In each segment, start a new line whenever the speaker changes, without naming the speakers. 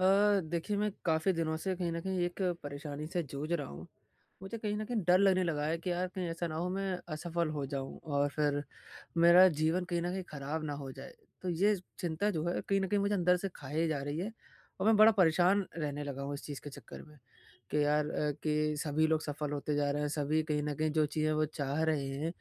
अ, देखिए मैं काफ़ी दिनों से कहीं न कहीं एक परेशानी से जूझ रहा हूँ। मुझे कहीं न कहीं डर लगने लगा है कि यार कहीं ऐसा ना हो मैं असफल हो जाऊँ और फिर मेरा जीवन कहीं न कहीं खराब ना हो जाए। तो ये चिंता जो है कहीं न कहीं मुझे अंदर से खाए जा रही है और मैं बड़ा परेशान रहने लगा हूँ इस चीज़ के चक्कर में कि यार अ, कि सभी लोग सफल होते जा रहे हैं सभी कहीं न कहीं जो चीज़ें वो चाह रहे हैं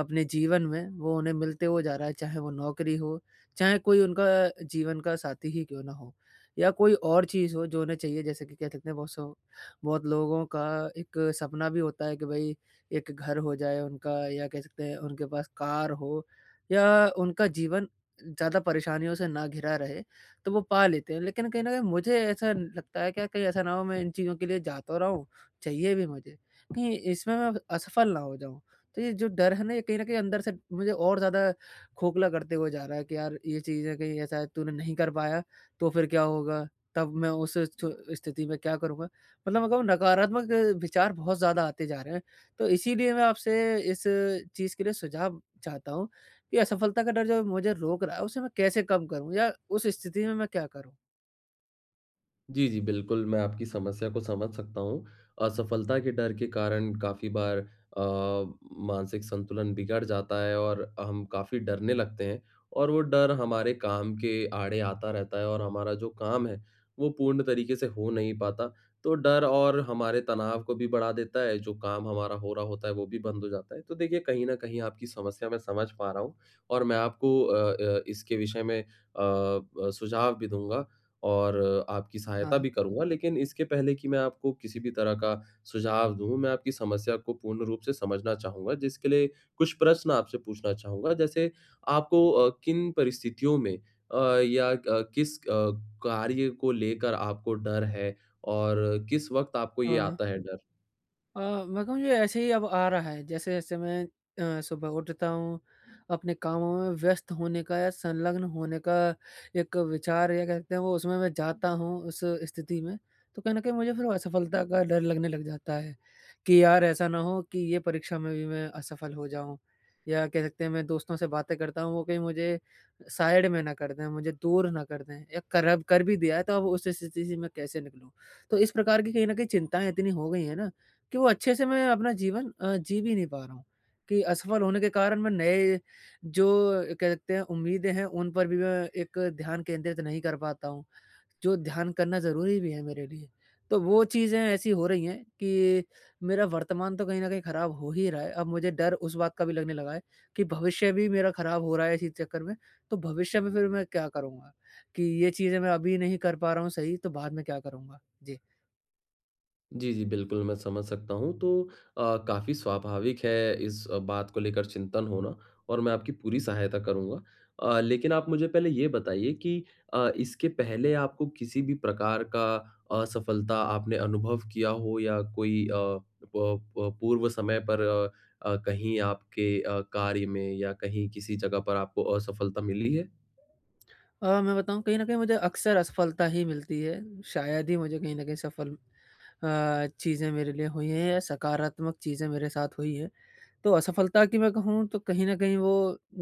अपने जीवन में, वो उन्हें मिलते हुए जा रहा है, चाहे वो नौकरी हो, चाहे कोई उनका जीवन का साथी ही क्यों ना हो। या कोई और चीज़ हो जो उन्हें चाहिए जैसे कि कह सकते हैं बहुत सौ बहुत लोगों का एक सपना भी होता है कि भाई एक घर हो जाए उनका या कह सकते हैं उनके पास कार हो या उनका जीवन ज़्यादा परेशानियों से ना घिरा रहे, तो वो पा लेते हैं लेकिन कहीं न कहीं मुझे ऐसा लगता है क्या कहीं ऐसा ना हो मैं इन चीज़ों के लिए जा तो रहा हूँ, चाहिए भी मुझे, कहीं इसमें मैं असफल ना हो जाऊँ। तो ये जो डर है ना ये कहीं न कहीं अंदर से मुझे और ज़्यादा खोखला करते हुए जा रहा है कि यार, ये चीज़ें कहीं ऐसा है तूने नहीं कर पाया तो फिर क्या होगा? तब मैं उस छ स्थिति में क्या करूँगा? मतलब अग वो नकारात्मक विचार बहुत ज़्यादा आते जा रहे हैं। तो इसीलिए मैं आपसे इस चीज़ के लिए सुझाव चाहता हूँ कि असफलता का डर जो मुझे रोक रहा है, उसे मैं कैसे कम करूँ या उस स्थिति में मैं क्या करूँ?
जी, जी, बिल्कुल मैं आपकी समस्या को समझ सकता हूँ। असफलता के डर के कारण काफ़ी बार अ, मानसिक संतुलन बिगड़ जाता है और अ, हम काफ़ी डरने लगते हैं और वो डर हमारे काम के आड़े आता रहता है और हमारा जो काम है, वो पूर्ण तरीके से हो नहीं पाता। तो डर और हमारे तनाव को भी बढ़ा देता है, जो काम हमारा हो रहा होता है, वो भी बंद हो जाता है। तो देखिए, कहीं न कहीं आपकी समस्या मैं समझ पा रहा हूँ और मैं आपको अ अ, इसके विषय में अ, ब सुझाव भी दूँगा और अ, आपकी
हाँ।
सहायता भी करूँगा। लेकिन इसके पहले कि मैं आपको किसी भी तरह का सुझाव दूँ, मैं आपकी समस्या को पूर्ण रूप से समझना चाहूँगा जिसके लिए कुछ प्रश्न आपसे पूछना चाहूँगा। जैसे आपको अ, किन परिस्थितियों में अ, या क किस अ, कार्य को लेकर आपको डर है और किस वक़्त आपको ये
हाँ।
आता है डर?
अ, मैं कहूँ ये ऐसे ही अब आ रहा है। जैसे-जैसे मैं अ, सुबह उठता हूँ, अपने कामों में व्यस्त होने का या संलग्न होने का एक विचार या कह सकते हैं वो उसमें मैं जाता हूँ उस स्थिति में। तो कहीं न कहीं मुझे फिर असफलता का डर लगने लग जाता है कि यार ऐसा ना हो कि ये परीक्षा में भी मैं असफल हो जाऊँ। या कह सकते हैं मैं दोस्तों से बातें करता हूँ वो कहीं मुझे साइड में ना कर दें, मुझे दूर ना कर दें या कर अब कर भी दिया है तो अब उस स्थिति से मैं कैसे निकलूँ? तो इस प्रकार की कहीं न कहीं चिंताएँ इतनी हो गई हैं ना कि वो अच्छे से मैं अपना जीवन अ, जी भी नहीं पा रहा हूँ कि असफल होने के कारण मैं नए जो कहते हैं उम्मीदें हैं। उन पर भी मैं एक ध्यान केंद्रित नहीं कर पाता हूँ, जो ध्यान करना ज़रूरी भी है मेरे लिए। तो वो चीज़ें ऐसी हो रही हैं कि मेरा वर्तमान तो कहीं न कहीं खराब हो ही रहा है। अब मुझे डर उस बात का भी लगने लगा है कि भविष्य भी मेरा खराब हो रहा है इसी चक्कर में। तो भविष्य में फ़िर मैं क्या करूँगा कि ये चीज़ें मैं अभी नहीं कर पा रहा हूँ सही तो बाद में क्या करूँगा? जी।
जी, जी। बिल्कुल, मैं समझ सकता हूँ। तो अ, काफ़ी स्वाभाविक है इस अ, बात को लेकर चिंतन होना और मैं आपकी पूरी सहायता करूँगा। अ, लेकिन आप मुझे पहले ये बताइए कि अ, इसके पहले आपको किसी भी प्रकार का असफलता आपने अनुभव किया हो? या कोई अ अ, प पूर्व समय पर अ, कहीं आपके अ, कार्य में या कहीं किसी जगह पर आपको असफलता मिली है?
अ, मैं बताऊँ कहीं न कहीं मुझे अक्सर असफलता ही मिलती है, शायद ही मुझे कहीं न कहीं सफल अ, चीज़ें मेरे लिए हुई हैं या सकारात्मक चीज़ें मेरे साथ हुई हैं। तो असफलता की मैं कहूँ तो कहीं न कहीं वो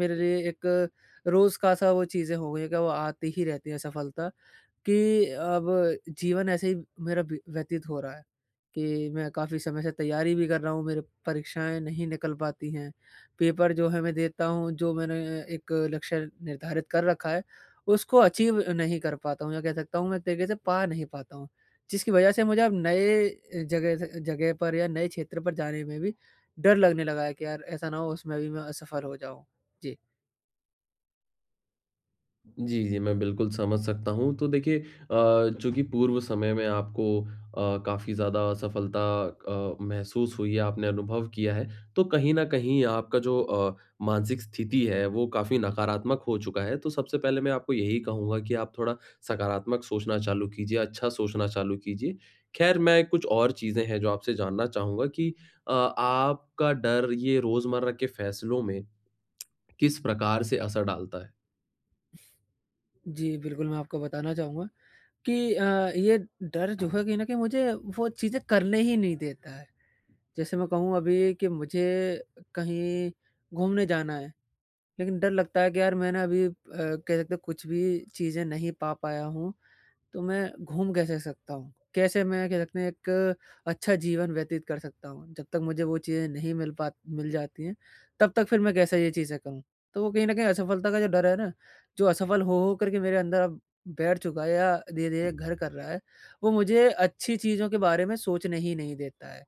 मेरे लिए एक रोज़ का सा वो चीज़ें हो गई हैं कि वो आती ही रहती है असफलता कि अब जीवन ऐसे ही मेरा बी व्यतीत हो रहा है कि मैं काफ़ी समय से तैयारी भी कर रहा हूँ मेरे परीक्षाएँ नहीं निकल पाती हैं। पेपर जो है मैं देता हूँ जो मैंने एक अ, लक्ष्य निर्धारित कर रखा है, उसको अचीव नहीं कर पाता हूँ या कह सकता हूँ मैं एक तरीके से पा नहीं पाता हूँ। जिसकी वजह से मुझे अब नए अ, जगह से जगह पर या नए क्षेत्र पर जाने में भी डर लगने लगा है कि यार ऐसा ना हो उसमें भी मैं असफल हो जाऊँ। जी।
जी, जी मैं बिल्कुल समझ सकता हूँ। तो देखिए अ, चूँकि पूर्व समय में आपको अ, काफ़ी ज़्यादा असफलता अ, महसूस हुई है, आपने अनुभव किया है। तो कहीं न कहीं आपका जो अ, मानसिक स्थिति है वो काफ़ी नकारात्मक हो चुका है। तो सबसे पहले मैं आपको यही कहूँगा कि आप थोड़ा सकारात्मक सोचना चालू कीजिए, अच्छा सोचना चालू कीजिए। ख़ैर, मैं कुछ और चीज़ें हैं जो आपसे जानना चाहूँगा कि अ, आपका डर ये रोज़मर्रा के फ़ैसलों में किस प्रकार से असर डालता है?
जी, बिल्कुल मैं आपको बताना चाहूँगा कि अ, ये डर जो है कहीं न कहीं मुझे वो चीज़ें करने ही नहीं देता है। जैसे मैं कहूँ अभी कि मुझे अ, कहीं घूमने जाना है लेकिन डर लगता है कि यार मैंने अभी अ, कह सकते हैं कुछ भी चीज़ें नहीं पा पाया हूँ। तो मैं घूम कैसे सकता हूँ, कैसे मैं कहते हैं एक अच्छा जीवन व्यतीत कर सकता हूँ। जब तक मुझे वो चीज़ें नहीं मिल पात मिल जाती हैं तब तक फ़िर मैं कैसे ये चीज़ें कहूँ। तो वो कहीं न कहीं असफलता का जो डर है ना जो असफल हो-हो करके मेरे अंदर अब बैठ चुका या धीरे-धीरे घर कर रहा है। वो मुझे अच्छी चीज़ों के बारे में सोचने हीं नहीं देता है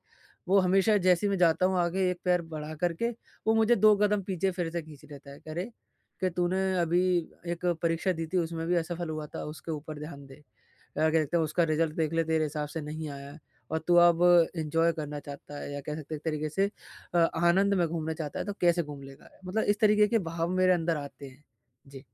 वो हमेशा जैसे मैं जाता हूँ आगे 1 पैर बढ़ा करके। वो मुझे 2 कदम पीछे फ़िर से खींच लेता है कि अरे कि तूने अभी अ, 1 परीक्षा दी थी उसमें भी असफल हुआ था उसके ऊपर ध्यान दे। अ, कह सकते हैं उसका रिज़ल्ट देख ले तेरे हिसाब से नहीं आया और तू अब एंजॉय करना चाहता है। या कह सकते हैं एक तरीक़े से अ, आनंद में घूमना चाहता है, तो कैसे घूम लेगा? मतलब इस तरीक़े के भाव मेरे अंदर आते हैं। जी।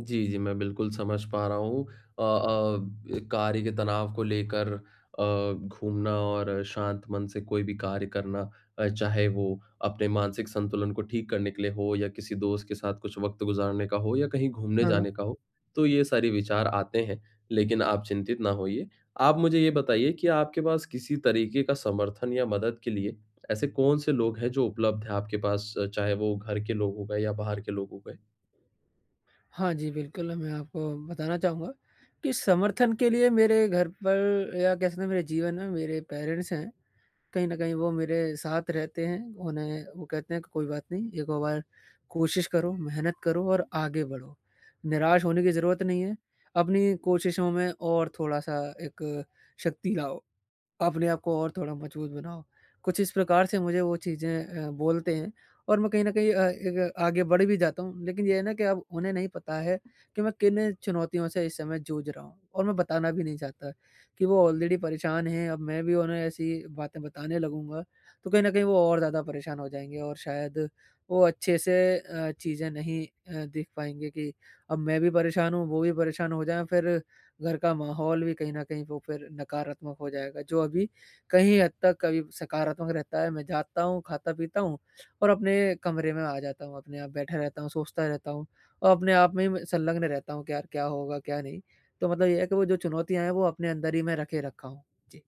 जी, जी, मैं बिल्कुल समझ पा रहा हूँ। अ अ, कार्य के तनाव को लेकर अ, घूमना और शांत मन से कोई भी कार्य करना अ, चाहे वो अपने मानसिक संतुलन को ठीक करने के लिए हो या किसी दोस्त के साथ कुछ वक़्त गुज़ारने का हो या कहीं घूमने
हाँ।
जाने का हो। तो ये सारी विचार आते हैं लेकिन आप चिंतित ना होइए, आप मुझे ये बताइए कि आपके पास किसी तरीके का समर्थन या मदद के लिए ऐसे कौन-से लोग हैं जो उपलब्ध हैं आपके पास चाहे, वो घर के लोगों हो गए या बाहर के लोगों हो गए?
हाँ, जी बिल्कुल, मैं आपको बताना चाहूँगा कि समर्थन के लिए मेरे घर पर या कह सकते हैं मेरे जीवन में मेरे पेरेंट्स हैं। कहीं न कहीं वो मेरे साथ रहते हैं। उन्हें वो कहते हैं कोई बात नहीं एक ओर बार कोशिश करो, मेहनत करो और आगे बढ़ो, निराश होने की ज़रूरत नहीं है, अपनी कोशिशों में और थोड़ा-सा एक शक्ति लाओ, अपने आप को और थोड़ा मजबूत बनाओ। कुछ इस प्रकार से मुझे वो चीज़ें अ, बोलते हैं और मैं कहीं न कहीं अ, एक आगे बढ़ भी जाता हूँ, लेकिन ये है ना कि अब उन्हें नहीं पता है कि मैं किन चुनौतियों से इस समय जूझ रहा हूँ और मैं बताना भी नहीं चाहता कि वो ऑलरेडी परेशान हैं, अब मैं भी उन्हें ऐसी बातें बताने लगूँगा, तो कहीं न कहीं वो और ज़्यादा परेशान हो जाएँगे और शायद वो अच्छे से अ, चीज़ें नहीं अ, देख पाएँगे कि अब मैं भी परेशान हूँ, वो भी परेशान हो जाएँ फिर घर का माहौल भी कहीं न कहीं वो फिर नकारात्मक हो जाएगा जो अभी कहीं हद तक कभी सकारात्मक रहता है। मैं जाता हूँ खाता-पीता हूँ और अपने कमरे में आ जाता हूँ अपने आप बैठा रहता हूँ, सोचता रहता हूँ और अपने आप में ही म संलग्न रहता हूँ कि यार क्या होगा क्या नहीं? तो मतलब ये है कि वो जो चुनौतियाँ हैं वो अपने अंदर ही मैं रखे रखा हूँ। जी।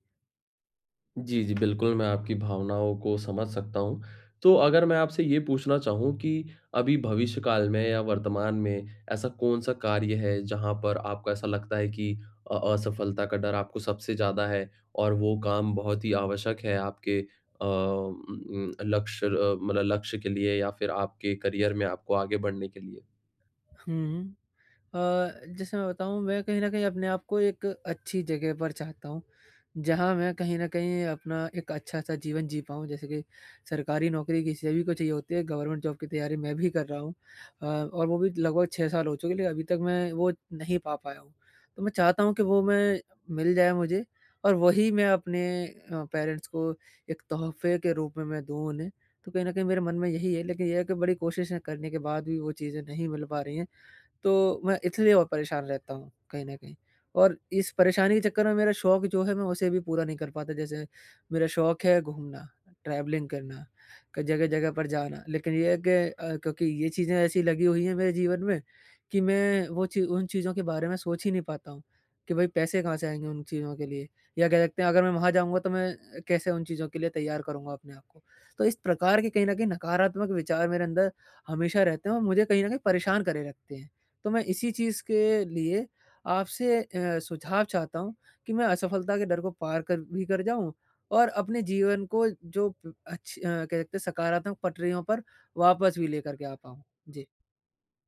जी, जी, बिल्कुल मैं आपकी भावनाओं को समझ सकता हूँ। तो अगर मैं आपसे ये पूछना चाहूँ कि अभी भविष्य काल में या वर्तमान में ऐसा कौन-सा कार्य है, जहाँ पर आपको ऐसा लगता है कि अ, असफलता का डर आपको सबसे ज़्यादा है और वो काम बहुत ही आवश्यक है आपके अ, उम, उम, लक्ष्य अ, मतलब लक्ष्य के लिए या फिर आपके करियर में आपको आगे बढ़ने के लिए?
हुँ। अ, जैसे मैं बताऊँ, मैं कहीं न कहीं अपने आप को एक अच्छी जगह पर चाहता हूँ, जहाँ मैं कहीं न कहीं अपना एक अच्छा-सा जीवन जी पाऊँ जैसे कि सरकारी नौकरी किसी सभी को चाहिए होती है, गवर्नमेंट जॉब की तैयारी मैं भी कर रहा हूँ अ, और वो भी लगभग 6 साल हो चुकी है ली अभी तक मैं वो नहीं पा पाया हूँ। तो मैं चाहता हूँ कि वो मैं मिल जाए मुझे और वही मैं अपने अ, पेरेंट्स को एक तोहफ़े के रूप में मैं दूँ उन्हें। तो कहीं न कहीं मेरे मन में यही है लेकिन ये है कि बड़ी कोशिश करने के बाद भी वो चीज़ें नहीं मिल पा रही हैं। तो मैं इसलिए और परेशान रहता हूँ कहीं न कहीं और इस परेशानी के चक्कर में मेरा शौक जो है मैं उसे भी पूरा नहीं कर पाता जैसे मेरा शौक है घूमना ट्रैवलिंग करना, क जगह-जगह पर जाना, लेकिन ये है कि अ, क्योंकि ये चीज़ें ऐसी लगी हुई हैं मेरे जीवन में कि मैं वो ची उन चीज़ों के बारे में सोच ही नहीं पाता हूँ कि भई पैसे कहाँ से आएँगे उन चीज़ों के लिए? या कह सकते हैं अगर मैं वहाँ जाऊँगा तो मैं अ, कैसे उन चीज़ों के लिए तैयार करूँगा अपने आप को? तो इस प्रकार के कहीं न कहीं नकारात्मक विचार मेरे अंदर हमेशा रहते हैं और मुझे कहीं न कहीं परेशान करे रखते हैं। तो मैं इसी चीज़ के लिए आपसे अ, सुझाव चाहता हूँ, कि मैं असफलता के डर को पार कर भी कर जाऊँ और अपने जीवन को जो प अच्छ अ, कह सकते हैं सकारात्मक पटरियों पर वापस भी लेकर के आ पाऊँ। जी।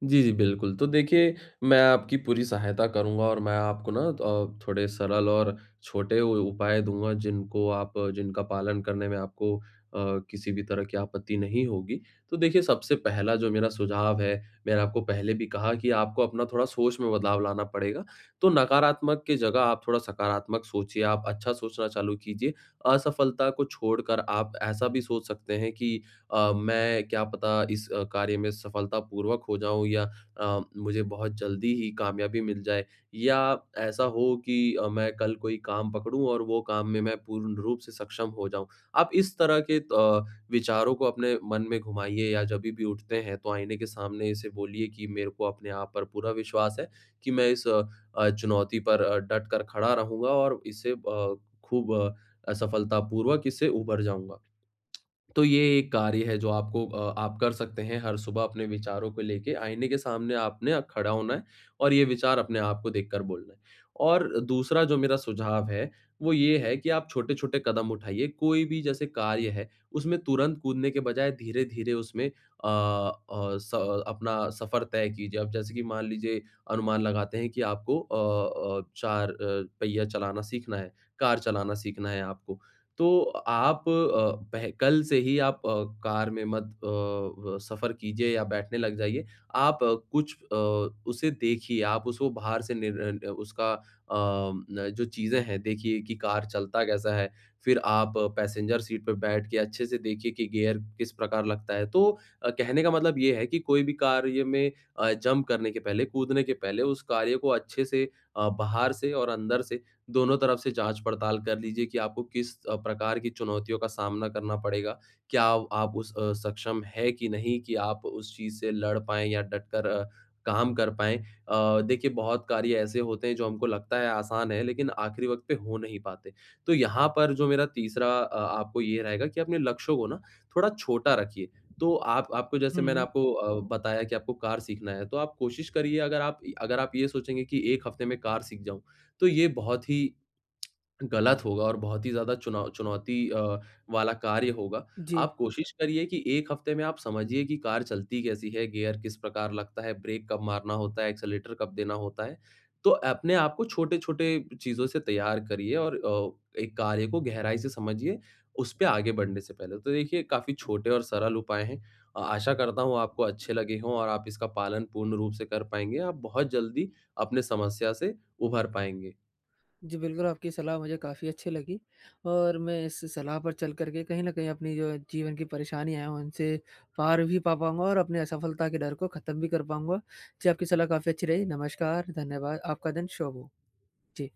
जी, जी, बिल्कुल, तो देखिए मैं आपकी पूरी सहायता करूँगा और मैं आपको ना द अ, थोड़े सरल और छोटे उ उपाय दूँगा जिनको आप जिनका पालन करने में आपको अ, किसी भी तरह की आपत्ति नहीं होगी। तो देखिए सबसे पहला जो मेरा सुझाव है, मैंने आपको पहले भी कहा कि आपको अपना थोड़ा सोच में बदलाव लाना पड़ेगा। तो नकारात्मक के जगह आप थोड़ा सकारात्मक सोचिए आप अच्छा सोचना चालू कीजिए, असफलता को छोड़कर आप ऐसा भी सोच सकते हैं कि अ, मैं क्या पता इस अ, कार्य में सफलतापूर्वक हो जाऊँ या अ, मुझे बहुत जल्दी ही कामयाबी मिल जाए या ऐसा हो कि अ, मैं कल कोई काम पकड़ूँ और वो काम में मैं पूर्ण रूप से सक्षम हो जाऊँ, आप इस तरह के अ, विचारों को अपने मन में घुमाइए या जब भी भी उठते हैं तो आईने के सामने इसे बोलिए कि मेरे को अपने आप पर पूरा विश्वास है, कि मैं इस अ अ, चुनौती पर अ, डट कर खड़ा रहूँगा और इसे अ, खूब असफलतापूर्वक इससे उभर जाऊँगा। तो ये एक कार्य है जो आपको अ, आप कर सकते हैं हर सुबह अपने विचारों को लेके आइने के सामने आपने अ, खड़ा होना है और ये विचार अपने आप को देखकर बोलना है। और दूसरा जो मेरा सुझाव है वो ये है कि आप छोटे-छोटे कदम उठाइए कोई भी जैसे कार्य है, उसमें तुरंत कूदने के बजाय धीरे-धीरे उसमें अ अ, स अपना सफर तय कीजिए अब जैसे कि मान लीजिए अनुमान लगाते हैं कि आपको अ अ, 4 अ, पहिया चलाना सीखना है, कार चलाना सीखना है आपको। तो आप अ, पह कल से ही आप अ, कार में मत अ, व सफ़र कीजिए या बैठने लग जाइए, आप कुछ अ, उसे देखिए आप उसको बाहर से निर अ, न उसका अ, न जो चीज़ें हैं देखिए कि कार चलता कैसा है? फिर आप पैसेंजर सीट पर बैठ के अच्छे से देखिए कि गियर किस प्रकार लगता है तो अ, कहने का मतलब ये है कि कोई भी कार्य में अ, जंप करने के पहले, कूदने के पहले उस कार्य को अच्छे से अ, बाहर से और अंदर से दोनों तरफ से जाँच-पड़ताल कर लीजिए कि आपको किस अ, प्रकार की चुनौतियों का सामना करना पड़ेगा? क्या आप उस अ, सक्षम है कि नहीं कि आप उस चीज़ से लड़ पाएँ या डटकर अ, काम कर पाएँ? अ, देखिए बहुत कार्य ऐसे होते हैं जो हमको लगता है आसान है लेकिन आखिरी वक़्त पे हो नहीं पाते। तो यहाँ पर जो मेरा तीसरा अ, आपको ये रहेगा कि अपने लक्ष्य को ना थोड़ा छोटा रखिए। तो आप आपको जैसे मैंने
हुँ।
आपको अ, बताया कि आपको कार सीखना है, तो आप कोशिश करिए अगर आप य अगर आप ये सोचेंगे कि 1 हफ़्ते में कार सीख जाऊँ, तो ये बहुत ही गलत होगा और बहुत ही ज़्यादा चुनौ चुनौती अ, वाला कार्य होगा।
जी।
आप कोशिश करिए कि 1 हफ्ते में आप समझिए कि कार चलती कैसी है? गियर किस प्रकार लगता है? ब्रेक कब मारना होता है? एक्सेलेरेटर कब देना होता है? तो अपने आप को छोटे-छोटे चीज़ों से तैयार करिए और अ, एक कार्य को गहराई से समझिए, उस पे आगे बढ़ने से पहले। तो देखिए काफ़ी छोटे और सरल उपाय हैं अ, आशा करता हूँ वो आपको अच्छे लगे हों और आप इसका पालन पूर्ण रूप से कर पाएँगे, आप बहुत जल्दी अपनी समस्या से उभर पाएँगे।
जी, बिल्कुल आपकी सलाह मुझे काफ़ी अच्छी लगी और मैं इस सलाह पर चल कर के कहीं न कहीं अपनी जो है जीवन की परेशानी है उनसे पार भी पा पाऊँगा और अपने असफलता के डर को ख़त्म भी कर पाऊँगा। जी, आपकी सलाह काफ़ी अच्छी रही, नमस्कार, धन्यवाद, आपका दिन शुभ हो। जी।